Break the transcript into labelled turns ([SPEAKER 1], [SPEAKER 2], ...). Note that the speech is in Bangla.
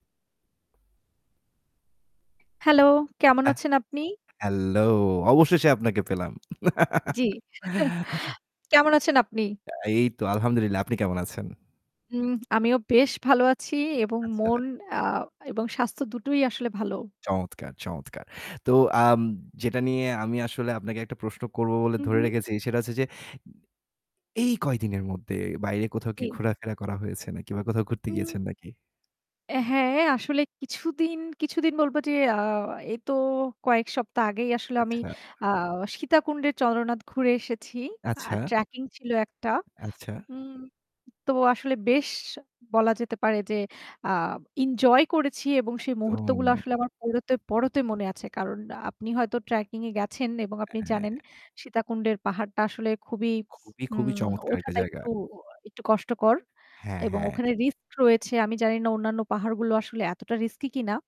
[SPEAKER 1] হ্যালো কেমন
[SPEAKER 2] আহ
[SPEAKER 1] আছেন আপনি?
[SPEAKER 2] হ্যালো, অবশেষে আপনাকে পেলাম।
[SPEAKER 1] জ্বী। কেমন আছেন আপনি?
[SPEAKER 2] তা এই তো আলহামদুলিল্লাহ। আপনি কেমন আছেন?
[SPEAKER 1] হুম আমিও বেশ ভালো আছি। এবং
[SPEAKER 2] আচ্ছা।
[SPEAKER 1] মন এ্যা এবং স্বাস্থ্য দুটোই আসলে ভালো।
[SPEAKER 2] চমৎকার, চমৎকার। তো আম যেটা নিয়ে আমি আসলে আপনাকে একটা প্রশ্ন করব বলে
[SPEAKER 1] হু,
[SPEAKER 2] ধরে
[SPEAKER 1] হু।
[SPEAKER 2] রেখেছি, সেটা হচ্ছে যে এই কয়দিনের মধ্যে বাইরে কোথাও কি
[SPEAKER 1] জি।
[SPEAKER 2] ঘোরাফেরা করা হয়েছে নাকি বা কোথাও ঘুরতে
[SPEAKER 1] হুম,
[SPEAKER 2] গিয়েছেন নাকি?
[SPEAKER 1] হ্যাঁ আসলে কিছুদিন, কিছুদিন বলব যে আ এতো কয়েক সপ্তাহ আগেই আসলে আমি
[SPEAKER 2] আচ্ছা।
[SPEAKER 1] আ সীতাকুণ্ডের চন্দ্রনাথ ঘুরে এসেছি। আর
[SPEAKER 2] আচ্ছা।
[SPEAKER 1] ট্র্যাকিং ছিল একটা।
[SPEAKER 2] আচ্ছা।
[SPEAKER 1] হুম, তো আসলে বেশ বলা যেতে পারে যে আ ইনজয় করেছি এবং সেই মুহূর্ত
[SPEAKER 2] একদম।
[SPEAKER 1] গুলো আসলে আমার পড়তে, পড়তে মনে আছে। কারণ আপনি হয়তো ট্র্যাকিং এ গেছেন এবং আপনি
[SPEAKER 2] হ্যাঁ।
[SPEAKER 1] জানেন সীতাকুণ্ডের পাহাড়টা আসলে খুবই
[SPEAKER 2] খুবই,
[SPEAKER 1] হুম
[SPEAKER 2] খুবই চমৎকার একটা
[SPEAKER 1] ওঠাটা
[SPEAKER 2] জায়গা।
[SPEAKER 1] একটু একটু কষ্টকর।
[SPEAKER 2] হ্যাঁ,
[SPEAKER 1] এবং
[SPEAKER 2] হ্যাঁ।
[SPEAKER 1] ওখানে রিস্ক রয়েছে। আমি জানি না অন্যান্য পাহাড়গুলো আসলে এতটা রিস্কি কিনা।